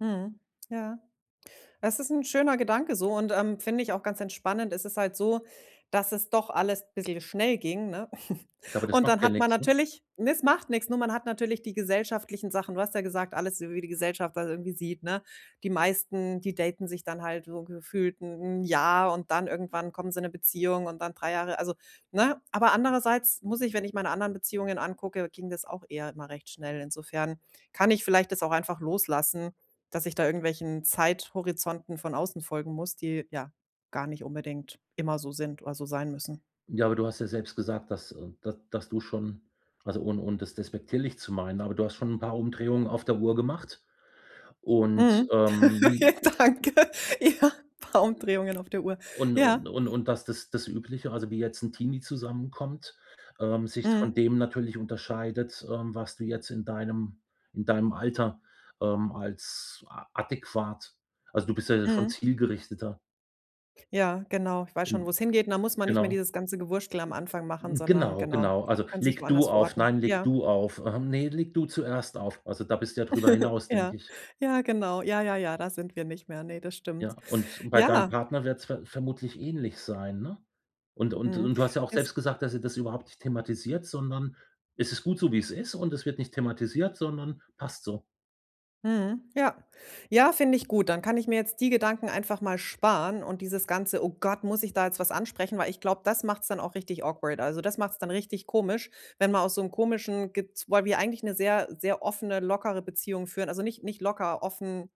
Mhm. Ja, das ist 'n schöner Gedanke so und, ähm, finde ich auch ganz entspannend. Es ist halt so, dass es doch alles bisschen schnell ging, ne? Aber das Und macht dann ja hat man nix, ne? natürlich ne, es macht nix, nur man hat natürlich die gesellschaftlichen Sachen. Du hast ja gesagt, alles wie die Gesellschaft das irgendwie sieht, ne? Die meisten, die daten sich dann halt wo gefühlt 'n 'n Jahr und dann irgendwann kommen sie in 'ne Beziehung und dann 3 Jahre also, ne? Aber andererseits muss ich wenn ich meine anderen Beziehungen angucke, ging das auch eher immer recht schnell. Insofern kann ich vielleicht das auch einfach loslassen, dass ich da irgendwelchen Zeithorizonten von außen folgen muss, die, ja, gar nicht unbedingt immer so sind oder so sein müssen. Ja, aber du hast ja selbst gesagt, dass, äh d dass du schon also, ohn ohne und das despektierlich zu meinen, aber du hast schon 'n paar Umdrehungen auf der Uhr gemacht und, Mhm. ähm Danke. Ja, paar Ä Umdrehungen auf der Uhr. Und Ja. und und und das das das Übliche, also, wie jetzt 'n Teenie zusammen kommt, ähm, sich von Mhm. dem natürlich unterscheidet, ähm, was du jetzt in deinem in deinem Alter, ähm, als a adäquat also, du bist ja jetzt schon Mhm. zielgerichteter. Ja, genau, ich weiß schon, wo's Hm. hingeht, da muss man nicht mehr Genau. dieses ganze Gewurschtel am Anfang machen, sondern Genau, genau, genau. Also, kann sich „leg du woanders auf.“ verorten. „Nein, leg Ja. du auf.“ Ähm, „ne, leg du zuerst auf.“ Also, da bist du ja drüber hinaus, Ja, denke ich. ja, genau. Ja, ja, ja, da sind wir nicht mehr. Ne, das Ja, stimmt. und bei deinem Ja. Partner wird es ver vermutlich ähnlich sein, ne? Und und Mhm, und du hast ja auch es. selbst gesagt, dass ihr das überhaupt nicht thematisiert, sondern es ist gut so, wie es ist und es wird nicht thematisiert, sondern passt so. Mhm. Ja, ja, finde ich gut. Dann kann ich mir jetzt die Gedanken einfach mal sparen und dieses ganze: „Oh Gott, muss ich da jetzt was ansprechen?“ Weil ich glaube, das macht's dann auch richtig awkward. Also das macht's dann richtig komisch, wenn man aus so 'nem komischen, gez weil wir eigentlich 'ne sehr, sehr offene, lockere Beziehung führen. Also nicht nicht locker, offen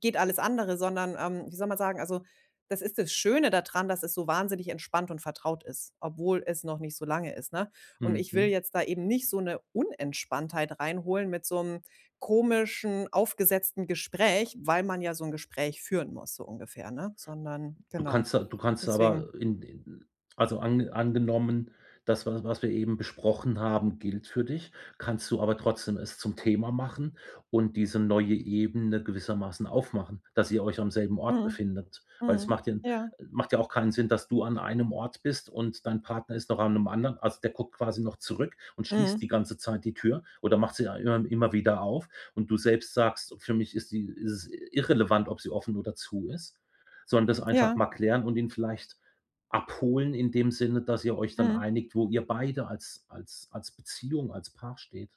geht alles andere, sondern, ähm, wie soll man sagen? Also, das ist das Schöne dadran, dass es so wahnsinnig entspannt und vertraut ist, obwohl es noch nicht so lange ist, ne? Und Mhm, ich will mhm. jetzt da eben nicht so 'ne Unentspanntheit reinholen mit so 'nem komischen, aufgesetzten Gespräch, weil man ja so 'n Gespräch führen muss so ungefähr, ne? Sondern Du genau. kannst a du kannst Deswegen. aber in in also, an angenommen, das was was wir eben besprochen haben, gilt für dich, kannst du aber trotzdem es zum Thema machen und diese neue Ebene gewissermaßen aufmachen, dass ihr euch am selben Ort Mhm. befindet. Weil es Mhm. macht den Ja. macht ja auch keinen Sinn, dass du an einem Ort bist und dein Partner ist noch an 'nem anderen. Also, der guckt quasi noch zurück und schließt Mhm. die ganze Zeit die Tür oder macht sie a immer immer wieder auf. Und du selbst sagst: „Für mich ist sie ist es irrelevant, ob sie offen oder zu ist“, sondern das einfach Ja. mal klären und ihn vielleicht abholen in dem Sinne, dass ihr euch dann Mhm. einigt, wo ihr beide als als als Beziehung, als Paar steht.